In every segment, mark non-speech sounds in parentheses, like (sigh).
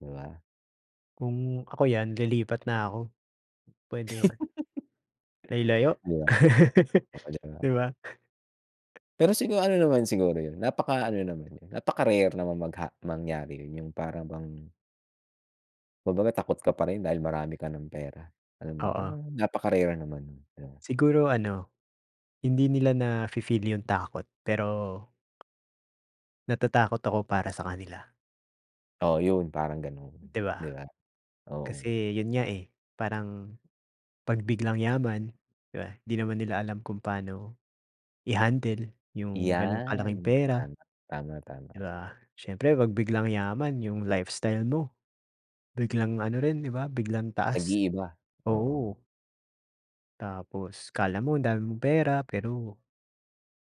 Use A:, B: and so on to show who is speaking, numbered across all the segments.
A: 'Di ba?
B: Kung ako yan lilipat na ako, pwede 'yun. Ay, layo.
A: (giggles) Ayan.
B: (laughs)
A: Oh, 'di ba?
B: 'Di ba?
A: Pero siguro, ano naman siguro 'yun, napaka ano naman 'yun, napaka-rare naman magha mangyari 'yun, yung para bang Kumbaga takot ka pa rin dahil marami ka ng pera. Alam mo 'yun,
B: Oo.
A: parang napaka-rare naman, yan.
B: Siguro ano, hindi nila na fi-feel yung takot pero. Natatakot ako para sa kanila.
A: Oo, 'yun. Parang ganun,
B: 'Di ba?
A: 'di ba?
B: Kasi
A: Oo.
B: 'yun nga, eh, parang 'pag biglang yaman 'di ba, 'di naman nila alam kung paano, i-handle yung ganong kalaking
A: Yan,
B: pera.
A: tama, tama,
B: 'Di
A: tama.
B: ba, syempre 'pag biglang yaman yung lifestyle mo, biglang ano rin 'di ba? Biglang taas,
A: Nag-iiba, oo.
B: oo. Tapos, akala mo ang dami mong pera, pero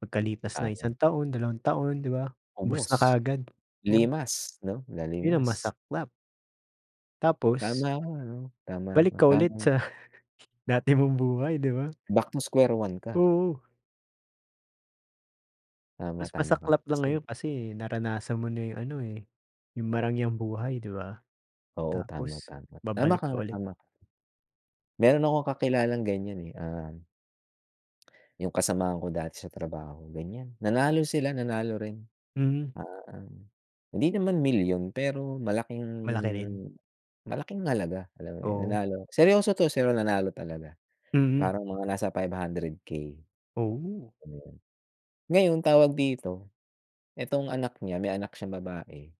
B: pagkalipas ng
A: Tama.
B: isang taon, dalawang taon, 'di ba? Ubos na
A: Ubos,
B: kaagad. Oh.
A: limas 'no,
B: Yun ang
A: nalimas.
B: masaklap. Tapos.
A: Tama, tama,
B: Balik ka ulit
A: tama.
B: sa, dati mong buhay, 'di ba?
A: Back to square one ka.
B: Oo.
A: Tama,
B: Mas
A: tama ka
B: masaklap lang
A: kasi.
B: ngayon kasi, naranasan mo na yung ano, eh, yung marangyang buhay 'di ba,
A: Oo, tama,
B: tapos
A: tama. Tama ka
B: babalik ka
A: nga,
B: ulit.
A: tama ka. Meron akong kakilalang ganyan, eh, ah yung kasamahan ko dati sa trabaho ganyan, nanalo sila, nanalo rin.
B: Hmm.
A: Ah, hindi naman milyon pero malaking
B: Malaki rin.
A: malaking halaga, alam mo 'yun
B: Oo.
A: nanalo. Seryoso 'to, seryo nanalo talaga,
B: Mhm.
A: parang mga nasa 500K.
B: Oh.
A: Ayan. Ngayon tawag dito, etong anak niya, may anak siyang babae.